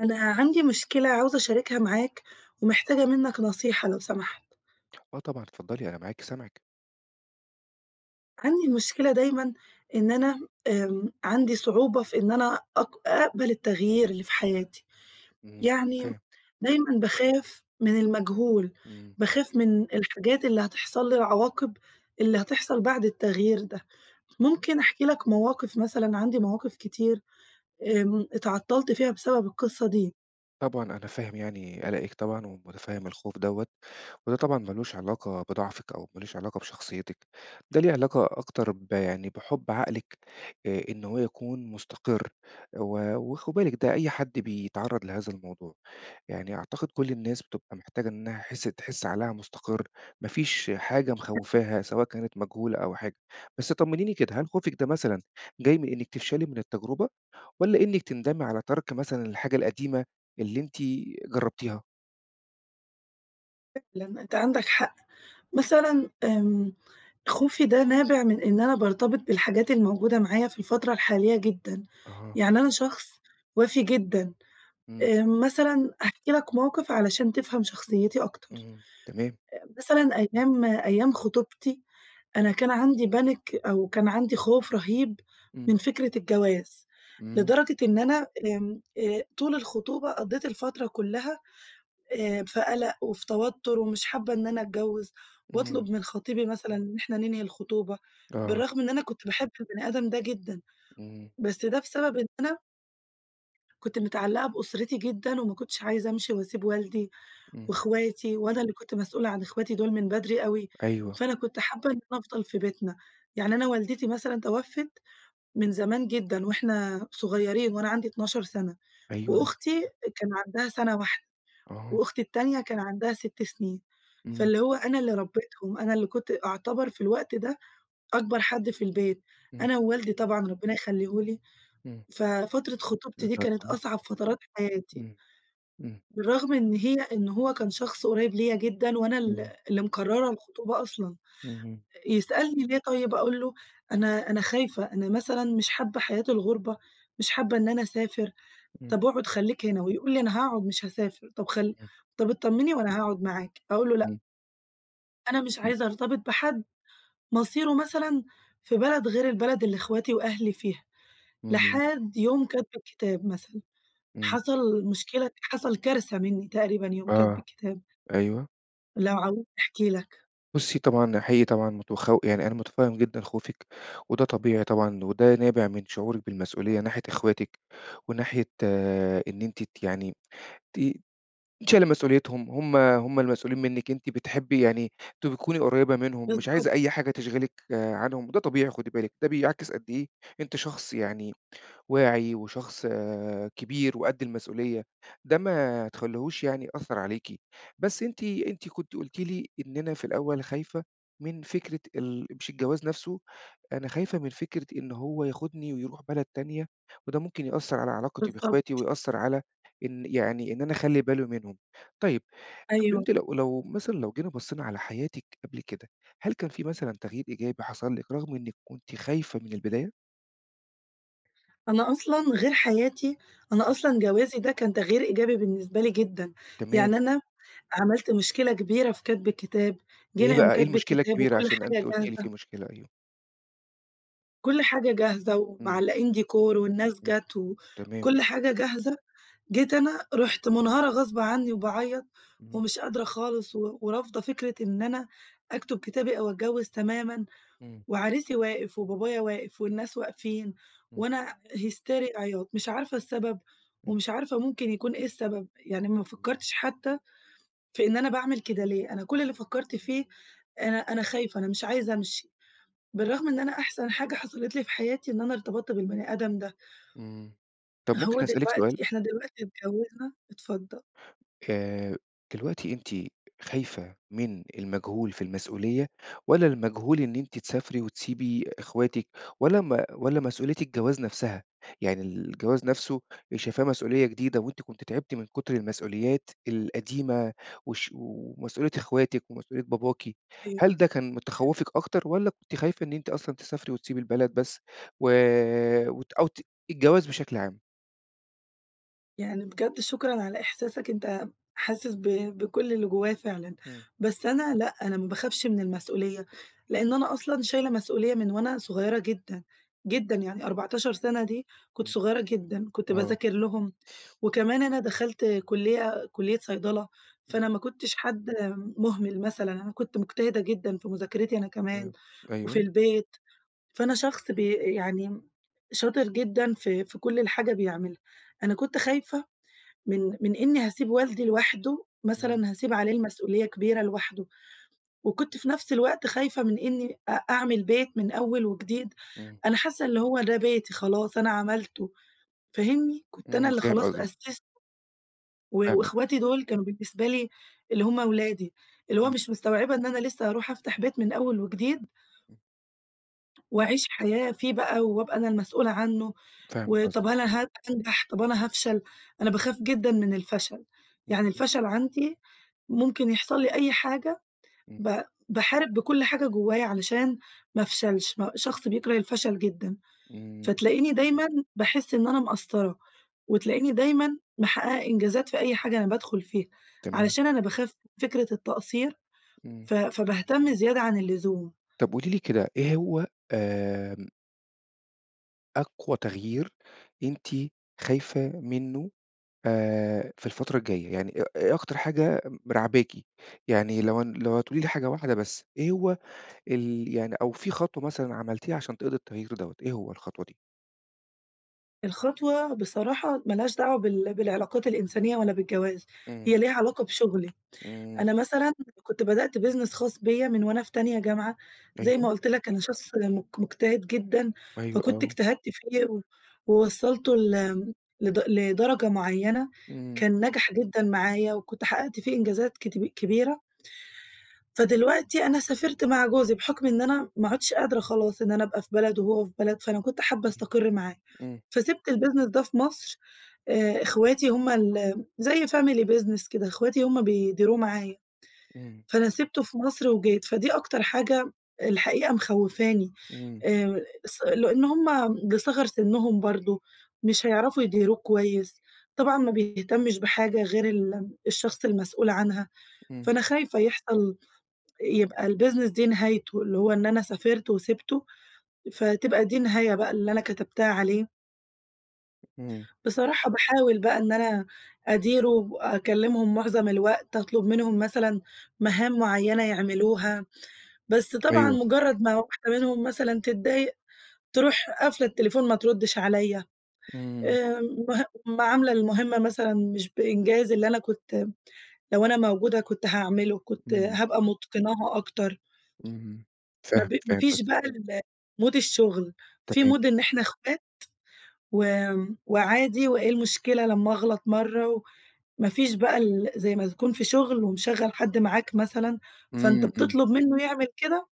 أنا عندي مشكلة عاوزة أشاركها معاك ومحتاجة منّك نصيحة لو سمحت. آه طبعًا اتفضّلي، أنا معاكِ سامعِك. عندي مشكلة دايمًا إن أنا آمم، عندي صعوبة في إن أنا أق أقبل التغيير اللي في حياتي. إمم، يعني فاهم. دايمًا باخاف من المجهول، إمم. باخاف من الحاجات اللي هتحصل لي، العواقب اللي هتحصل بعد التغيير ده، ممكن أحكي لك مواقف مثلًا عندي مواقف كتير آمم اتعطّلْت فيها بسبب القِصّة دي. طبعًا أنا فاهم يعني قَلَقِك طبعًا ومُتفهِّم الخوف دوّة وده طبعًا مالوش علاقة بضعفِك أو مالوش علاقة بشخصيتِك، ده ليه علاقة أكتر ب يعني بِحُب عقلِك، آآ إن هو يكون مُستقر و وخدي بالِك ده أي حد بيتعرّض لهذا الموضوع، يعني أعتقد كل الناس بتبقى محتاجة إنّها حِس تحس عقلها مُستقر، ما فيش حاجة [unintelligible] مخوّفاها سواء كانت مجهولة أو حاجة. بس طمنيني كده، هل خوفِك ده مثلًا جاي من إنّك تفشلي من التجربة والّا إنِّك تندمي على تَرْك مثلًا الحاجة القديمة اللي أنتِ جرّبتيها؟ فعلًا، أنت عندك حق. مثلًا آمم، خوفي ده نابِع من إن أنا بارتبط بالحاجات الموجودة معايا في الفترة الحالية جدًا. أها. يعني أنا شخص وَفي جدًا، إمم. آآ مثلًا هاحكي لك موقِف علشان تفهَم شخصيتي أكتر. اهم، تمام. آآ مثلًا أيام أيام خطوبتي، أنا كان عندي panic أو كان عندي خوف رهيب إمم. من فكرة الجواز، إمم. لدرجة إن أنا آمم، آآ، طُول الخطوبة قضّيت الفترة كُلّها آآ في قَلَق وفي توتُّر ومش حابّة إن أنا أتجوِّز إمم. وأطلُب من خطيبي مثلًا إن إحنا ننهي الخطوبة، آه. بالرغم إن أنا كنت باحب البني آدم ده جدًا، إمم. بس ده بسبب إن أنا كنت متعلَّقة بأسرتي جدًا وما كنتش عايزة أمشِي وأسيب والدي إمم. وإخواتي، وأنا اللي كنت مسؤولة عن إخواتي دُول من بدري أوي، أيوه. فأنا كنت حابّة إن أنا أفضَل في بيتنا. يعني أنا والدتي مثلًا تَوَفّت من زمان جدًا وإحنا صغيرين وأنا عندي 12 سَنة، أيوه، أيوه. وأختي كان عندها سَنة واحدة آه. وأختي التانية كان عندها 6 سِنين، إمم. فاللي هو أنا اللي ربّيتهم، أنا اللي كنت أعتبر في الوقت ده أكبر حد في البيت، إمم. أنا ووالدي طبعًا ربِّنا يخليه لي. إمم. ففترة خطوبتي الله دي كانت يرحمها. أصعب فترات حياتي. إمم. إمم. بالرغم إن هي إن هو كان شخص قُريب ليّا جدًا وأنا ال إمم. اللي مقرَّرة الخطوبة أصلًا. اهم. يسألني: "ليه طيب؟" أقول له: "أنا أنا خايفة، أنا مثلًا مش حابّة حياة الغُربة، مش حابّة إن أنا أسافر. إمم. طَب أقعُد خلّيك هنا." ويقول لي: "أنا هاقعُد مش هاسافر. طَب خل إمم. طَب اتطمّني وأنا هاقعُد معاكِ." أقول له: "لأ." إمم. أنا مش إمم. عايزة أرتبط بحَد مصيره مثلًا في بلد غير البلد اللي إخواتي وأهلي فيها. إمم. لحد يوم كَتْب الكتاب مثلًا، إمم. حصَل مشكلة، حصَل كارثة مِنّي تقريبًا يوم كَتْب آه، الكتاب. أيوه. لو عاوزني أحكي لك. بُصّي طبعًا، حقيقي طبعًا متخو يعني أنا مُتفهِّم جدًا خوفِك، وده طبيعي طبعًا، وده نابع من شعورِك بالمسئولية ناحية إخواتِك وناحية آآ إن أنتِ ت يعني ت شايلة مسئوليتهم، هُم هُم المسئولين منِك، أنتِ بتحبّي يعني تبقي تكُوني قريّبة منهُم، مش بالضبط. عايزة أي حاجة تشغلِك آآ عنهم، وده طبيعي خُدي بالِك، ده بيعكِس قد إيه أنتِ شخص يعني واعي وشخص آآ كبير وقد المسئولية، ده ما تخلّيهوش يعني يأثّر عليكِ. بس أنتِ، أنتِ كُنتِ قُلتِ لي إن "أنا في الأول خايفة من فكرة ال مش الجواز نَفْسه، أنا خايفة من فكرة إن هو ياخدني ويرُوح بلد تانية، وده ممكن يأثّر على علاقتي بالضبط. بإخواتي ويأثّر على إن يعني، إن أنا أخلّي باله منهم." طيب، طَب أيوه. أنتِ لو لو مثلًا لو جينا بصّينا على حياتِك قبل كده، هل كان فيه مثلًا تغيير إيجابي حصَل لِك رغم إنِك كنتِ خايفة من البداية؟ أنا أصلًا غير حياتي، أنا إمم. أصلًا جوازي ده كان تغيير إيجابي بالنسبة لي جدًا. تمام. يعني أنا عملت مشكلة كبيرة في كتب الكتاب، إيه جينا يوم بقى، إيه كتب المشكلة الكتاب الكبيرة؟ وكُلّ عشان أنتِ حاجة قُلتِ لي جاهزة في مشكلة، أيوه. كُلّ حاجة جاهزة إمم. ومعلّقين decor والناس إمم، جت و تمام. وكُلّ حاجة جاهزة. جيت أنا رُحت منهارة غصب عني وباعيط اهم. ومش قادرة خالص و ورافضة فكرة إن أنا أكتب كتابي أو أتجوز تمامًا، إمم. وعريسِي واقف وبابايا واقف والناس واقفين، إمم. وأنا هيستيريا عياط، مش عارفة السبب إمم. ومش عارفة ممكن يكون إيه السبب، يعني ما فكرتش حتى في إن أنا باعمل كده ليه، أنا كُلّ اللي فكرت فيه أنا أنا خايفة، أنا مش عايزة أمشي، بالرغم إن أنا أحسن حاجة حصلت لي في حياتي إن أنا ارتبطت بالبني آدم ده. امم. طَب هو ممكن أسألِك سؤال؟ دلوقتي إحنا دلوقتي اتجوزنا اتفضل. آآ، دلوقتي أنتِ خايفة من المجهول في المسؤولية، والّا المجهول إن أنتِ تسافري وتسيبي إخواتِك، والّا ما والّا مسؤولية الجواز نَفسها، يعني الجواز نَفسه شايفاه مسؤولية جديدة، وأنتِ كنتِ تعبتِ من كتر المسؤوليات القديمة والش ومسؤولية إخواتِك ومسؤولية باباكِ. أيوه. هل ده كان من تخوفِك أكتر، والّا كنتِ خايفة إن أنتِ أصلًا تسافري وتسيبي البلد بس، و وت أو ت الجواز بشكل عام؟ يعني بجد شكرًا على إحساسك، أنت حاسس ب بكُلّ اللي جوايا فعلًا. إمم. بس أنا لأ، أنا ما باخافش من المسؤولية، لأن أنا أصلًا شايلة مسؤولية من وأنا صغيّرة جدًا جدًا، يعني 14 سَنة دي كُنت إمم صغيرة جدًا، كُنت آه. باذاكر لهم، وكمان أنا دَخَلت كلية كلية صيدلة، فأنا [unintelligible] ما كُنتِش حد مُهمِل مثلًا، أنا كنت مجتهدة جدًا في مذاكرتي أنا كمان إمم، وفي أيوه. البيت، فأنا شخص بي يعني شاطر جدًا في في كُلّ الحاجة بيعملها. أنا كنت خايفة من من إني هاسيب والدي لوحده، إمم. مثلًا هاسيب عليه المسؤولية كبيرة لوحده، وكنت في نَفْس الوقت خايفة من إني أ أعمل بيت من أول وجديد. إمم. أنا حاسة إن هو ده بيتي خلاص أنا عملته، فاهمني؟ كنت أنا إمم، اللي فاهم خلاص قصدِك. أسسته، و فاهمِك. وإخواتي دُول كانوا بالنسبة لي اللي هُم ولادي، اللي هو إمم. مش مستوعبة إن أنا لسه هاروح أفتح بيت من أول وجديد إمم. وأعيش حياة فيه بقى، وأبقى أنا المسؤولة عنه، فاهم قصدِك. وطَب هل هن هانجح؟ طَب أنا هافشل؟ أنا [unintelligible] باخاف جدًا من الفشل، امم، يعني امم. الفشل عندي ممكن يحصل لي أي حاجة إمم. ب باحارب بكُلّ حاجة جوايا علشان ما أفشلش، م شخص بيكره الفشل جدًا. إمم. فتلاقيني دايمًا باحس إن أنا مقصرة، وتلاقيني دايمًا محققة إنجازات في أي حاجة أنا بادخل فيها، تمام. علشان أنا باخاف من فكرة التقصير، إمم. ف فباهتم زيادة عن اللزوم. طَب قولي لي كده إيه هو آمم أقوى تغيير أنتِ خايفة منّه آآ، في الفترة الجاية، يعني إيه إيه أكتر حاجة م راعباكِ؟ يعني لو ن لو هتقولي لي حاجة واحدة بس، إيه هو ال يعني أو في خطوة مثلًا عملتيها عشان تقضّي التغيير دوّة، إيه هو الخطوة دي؟ الخطوة بصراحة مالهاش دعوة بال بالعلاقات الإنسانية ولا بالجواز، إمم. هي ليها علاقة بشُغلي. إمم. أنا مثلًا كنت بدأت business خاص بيّا من وأنا في تانية جامعة زي أيوه. ما قُلت لك أنا شخص مج مُجتهد جدًا، أيوه، فكنت آه. اجتهدت فيه و ووصّلته لم لد لدرجة معيّنة إمم. كان نجح جدًا معايا وكنت حقّقت فيه إنجازات كتب كبيرة فدلوقتي أنا سافرت مع جوزي بحُكم إن أنا ما عُدتش قادرة خلاص إن أنا أبقى في بلد وهو في بلد، فأنا كنت حابّة أستقر معاه. إمم. فسِبت الbusiness ده في مصر، آآ إخواتي هم الم زي family business كده إخواتي هم بيديروه معايا، إمم. فأنا سِبته في مصر وجيت، فدي أكتر حاجة الحقيقة مخوِّفاني. إمم. آآ اص لإن هم بصِغَر سِنّهم برضه مش هيعرفوا يديروه كويس. طبعًا ما بيهتمش بحاجة غير الم الشخص المسئول عنها، إمم. فأنا خايفة يحصل يبقى الbusiness دي نهايته، اللي هو إن أنا سافرت وسِبته، فتبقى دي النهاية بقى اللي أنا كتبتها عليه. إمم. بصراحة، باحاول بقى إن أنا أديره وأكلمهم معظم الوقت، أطلب منهم مثلًا مهام معيّنة يعملوها، بس طبعًا أيوه. مجرد ما واحدة منهم مثلًا تتضايق تروح قافلة التليفون ما تردش عليَّ، إمم. آآ، مه ما عاملة المهمة مثلًا مش بإنجاز اللي أنا كنت لو أنا موجودة كنت هاعمله، كنت إمم. هابقى متقناها أكتر. إمم. ما فاهم، ب ما فاهم فيش قصدِك. بقى الmood الشغل، في تمام. mood إن إحنا إخوات وآمم، وعادي وإيه المشكلة لمّا أغلط مَرّة؟ وما فيش بقى ال زي ما تكون في شغل ومشغّل حد معاك مثلًا، فأنت إمم، إمم. بتطلب منه يعمل كده،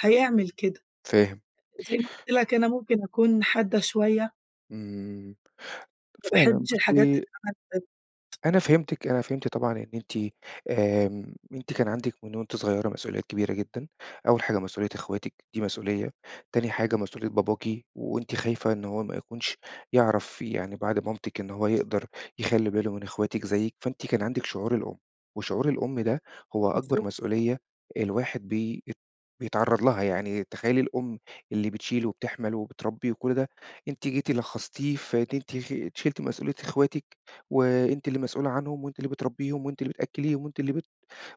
هيعمل كده. فاهم. زي ما قُلت لك أنا ممكن أكون حادة شوية. إمم، ما فعلًا، باحبش الحاجات بُصي تتعمل ب [unintelligible] أنا فهمتِك. أنا فهمت طبعًا إن أنتِ، آمم، أنتِ كان عندِك من وأنتِ صغيّرة مسؤوليات كبيرة جدًا. أوّل حاجة مسؤوليّة إخواتِك، دي مسؤوليّة. تاني حاجة مسؤوليّة باباكِ، وأنتِ خايفة إن هو ما يكونش يعرف يعني بعد مامتِك إن هو يقدر يخلّي باله من إخواتِك زيِك، فأنتِ كان عندِك شعور الأم. وشعور الأم ده هو بالضبط. أكبر مسؤوليّة الواحد بي ات بيتعرّض لها، يعني تخيّلي الأم اللي بتشيل وبتحمل وبتربي وكُلّ ده، أنتِ جيتِ لخّصتيه في إن أنتِ شِلتِ مسؤوليّة إخواتِك، وأنتِ اللي مسؤولة عنهم، وأنتِ اللي بتربيهم، وأنتِ اللي بتأكّليهم، وأنتِ اللي بت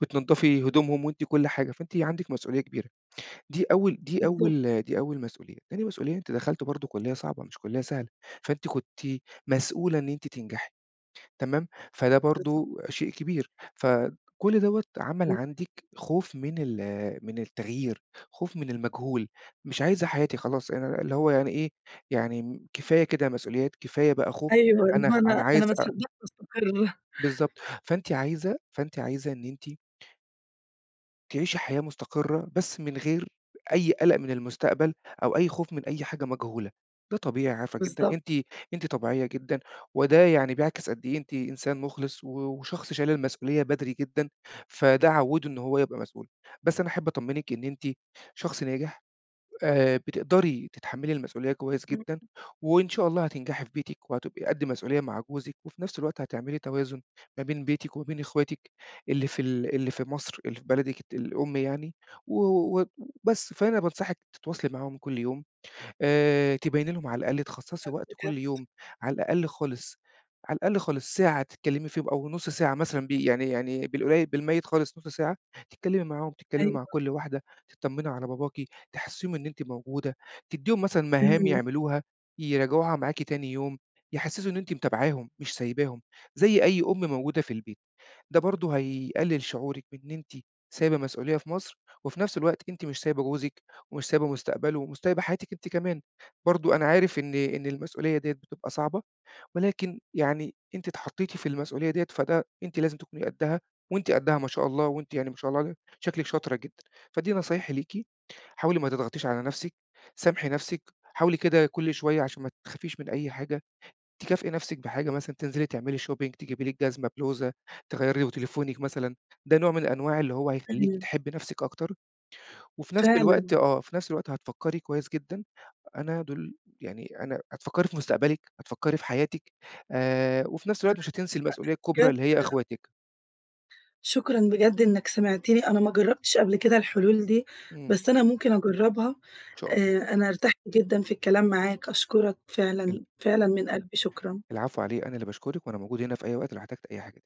بتنضّفي هدومهم، وأنتِ كُلّ حاجة، فأنتِ عندِك مسؤوليّة كبيرة. دي أوّل دي بالضبط. أوّل دي أوّل مسؤوليّة. تاني مسؤوليّة، أنتِ دخلتِ برضو كلية صعبة، مش كلية سهلة، فأنتِ كنتِ مسؤولة إن أنتِ تنجحي. تمام، فده بالضبط. برضو شيء كبير. فكُلّ دَوّة عمل [unintelligible] عندِك خوف من ال من التغيير، خوف من المجهول. "مش عايزة حياتي خلاص. أنا اللي هو أنا إيه، يعني كفاية كده مسؤوليات، كفاية بقى خوف. أيوه، اللي أنا هو أنا أنا أنا عايزة ما أ" صدقت أستقر. بالضبط. فأنتِ عايزة، فأنتِ عايزة إن أنتِ تعيشي حياة مُستقرة بس من غير أي قَلَق من المستقبل أو أي خوف من أي حاجة مجهولة. ده طبيعي عارفة جدًا بالضبط. أنتِ أنتِ طبيعية جدًا وده يعني بيعكس قد إيه أنتِ إنسان مُخلص و وشخص شايل المسؤولية بدري جدًا، فده عوِّده إن هو يبقى مسؤول، بس أنا أحب أطمّنِك إن أنتِ شخص ناجح، آآ بتقدري تتحمّلي المسؤولية كويس إمم. جدًا وإن شاء الله هتنجحي في بيتِك وهتبقي قد مسؤولية مع جوزِك وفي نَفْس الوقت هتعملي توازُن ما بين بيتِك وما بين إخواتِك اللي في ال اللي في مصر اللي في بلدِك الت الأم يعني و و و بس. فأنا بانصحِك تتواصلي معاهم كل يوم، آآ تبيّني لهم على الأقل تخصّصي حلو وقت بجد. كل يوم على الأقل خالص على الأقل خالص ساعة تتكلِّمي فيهم أو نُص ساعة مثلًا بي يعني يعني بالقليّل بالمَيِّت خالص نُص ساعة، تتكلِّمي معاهم، تتكلِّمي مع أيوه. كل واحدة، تطمّني على باباكِ، تحسِّسيهم إن أنتِ موجودة، تدّيهم مثلًا مهام إمم. يعملوها يراجعوها معاكِ تاني يوم يحسّسوا إن أنتِ متابعاهم مش سايباهم زي أي أم موجودة في البيت. ده برضه هيقلِّل شعورِك بإن أنتِ سايبة مسؤولية في مصر وفي نَفْس الوقت أنتِ مش سايبة جوزِك ومش سايبة مستقبله ومش سايبة حياتِك أنتِ كمان. برضه أنا عارف إن إن المسؤولية ديّة بتبقى صعبة ولكن يعني أنتِ اتحطّيتِ في المسؤولية ديّة فده أنتِ لازم تكوني قدّها وأنتِ قدّها ما شاء الله وأنتِ يعني ما شاء الله عل شكلِك شاطرة جدًا، فدي نصايحي ليكِ حاولي ما تضغطيش على نَفْسِك، سامحي نَفْسِك، حاولي كده كل شوية عشان ما تخافيش من أي حاجة تكافئي نَفْسِك بحاجة مثلًا تنزلي تعملي shopping، تجيبي لِك جزمة، بلوزة، تغيّري وتليفونِك مثلًا ده نوع من الأنواع اللي هو هيخلّيكِ إمم. تحبّي نَفْسِك أكتر وفي نَفْس فعلًا. الوقت آه، في نَفْس الوقت هتفكّري كويس جدًا أنا دُول يعني أنا هتفكّري في مستقبلِك، هتفكّري في حياتِك آآ وفي نَفْس الوقت مش هتنسي المسؤولية [unintelligible] الكُبرى بجد اللي هي [unintelligible] إخواتِك. شكرًا بجد إنّك سمعتني، أنا ما جرّبتش قبل كده الحلول دي، إمم. بس أنا ممكن أجرّبها. إن شاء الله. آآ أنا ارتحت جدًا في الكلام معاك، أشكرك إمم. فعلًا، فعلًا من قلبي شكرًا. العفو، على إيه؟ أنا اللي باشكرِك وأنا موجود هنا في أي وقت لو احتجتِ أي حاجة.